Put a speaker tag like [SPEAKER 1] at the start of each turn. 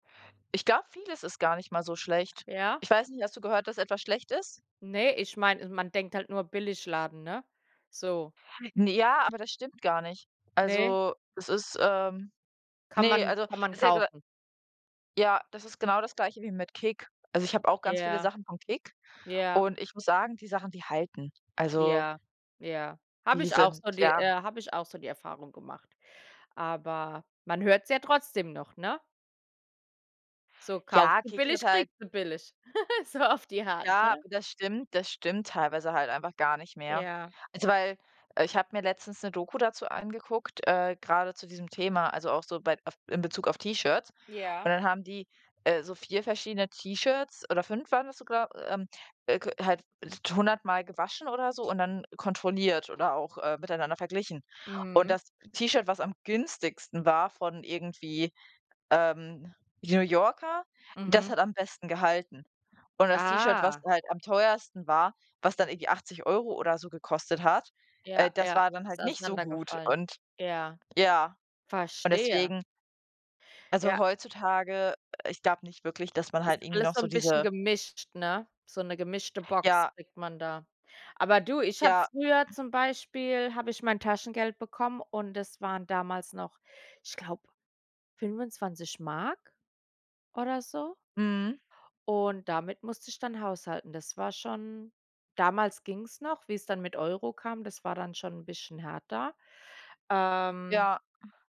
[SPEAKER 1] Ich glaube, vieles ist gar nicht mal so schlecht.
[SPEAKER 2] Ja?
[SPEAKER 1] Ich weiß nicht, hast du gehört, dass etwas schlecht ist?
[SPEAKER 2] Ne, ich meine, man denkt halt nur Billigladen, ne? So.
[SPEAKER 1] Na ja, aber das stimmt gar nicht.
[SPEAKER 2] Ne?
[SPEAKER 1] Also es ist, ähm
[SPEAKER 2] Kann
[SPEAKER 1] Ne,
[SPEAKER 2] man
[SPEAKER 1] also,
[SPEAKER 2] kann man
[SPEAKER 1] es ist [unintelligible]
[SPEAKER 2] kaufen.
[SPEAKER 1] Ja, das ist genau das Gleiche wie mit KIK. Also, ich habe auch ganz viele
[SPEAKER 2] Ja,
[SPEAKER 1] Sachen von KiK
[SPEAKER 2] ja.
[SPEAKER 1] und ich muss sagen, die Sachen, die halten. Also
[SPEAKER 2] Ja, ja. Habe
[SPEAKER 1] Die
[SPEAKER 2] ich auch
[SPEAKER 1] sind
[SPEAKER 2] so die,
[SPEAKER 1] ja?
[SPEAKER 2] äh habe ich auch so die Erfahrung gemacht. Aber man hört es ja trotzdem noch, ne? So kaufst
[SPEAKER 1] Ja,
[SPEAKER 2] du
[SPEAKER 1] KIK hört
[SPEAKER 2] billig,
[SPEAKER 1] halt
[SPEAKER 2] kriegst du billig. So auf die Art,
[SPEAKER 1] Ja,
[SPEAKER 2] ne?
[SPEAKER 1] das stimmt das stimmt teilweise halt einfach gar nicht mehr.
[SPEAKER 2] Ja.
[SPEAKER 1] Also, weil, äh, ich habe mir letztens 'ne Doku dazu angeguckt, äh, grade zu diesem Thema, also auch so bei auf in Bezug auf T-Shirts. Und
[SPEAKER 2] Ja.
[SPEAKER 1] dann haben die, äh, so 4 verschiedene T-Shirts oder 5 waren das sogar, ähm, äh halt 100 mal gewaschen oder so und dann kontrolliert oder auch, äh, miteinander verglichen. Und
[SPEAKER 2] Mhm.
[SPEAKER 1] das T-Shirt, was am günstigsten war von irgendwie, ähm, New Yorker, das
[SPEAKER 2] Mhm.
[SPEAKER 1] hat am besten gehalten. Und das T-Shirt, was
[SPEAKER 2] Ah.
[SPEAKER 1] da halt am teuersten war, was dann irgendwie 80 € oder so gekostet hat, äh,
[SPEAKER 2] Ja,
[SPEAKER 1] das
[SPEAKER 2] ja,
[SPEAKER 1] war dann
[SPEAKER 2] ist
[SPEAKER 1] halt nicht so gut
[SPEAKER 2] auseinandergefallen.
[SPEAKER 1] und
[SPEAKER 2] Ja.
[SPEAKER 1] ja und
[SPEAKER 2] Verstehe.
[SPEAKER 1] deswegen. Also,
[SPEAKER 2] Ja.
[SPEAKER 1] heutzutage ich glaube nicht wirklich, dass man
[SPEAKER 2] Ist
[SPEAKER 1] halt irgendwie
[SPEAKER 2] alles
[SPEAKER 1] noch
[SPEAKER 2] so
[SPEAKER 1] so
[SPEAKER 2] 'n bisschen
[SPEAKER 1] diese
[SPEAKER 2] gemischt, ne? So 'ne gemischte Box
[SPEAKER 1] Ja.
[SPEAKER 2] kriegt man da. Aber du, ich habe
[SPEAKER 1] Ja.
[SPEAKER 2] früher zum Beispiel habe ich mein Taschengeld bekommen und es waren damals noch, ich glaube, 25 DM oder so.
[SPEAKER 1] Mhm.
[SPEAKER 2] Und damit musste ich dann haushalten. Das war schon damals ging es noch, wie es dann mit Euro kam, das war dann schon 'n bisschen härter. Ähm.
[SPEAKER 1] Ja.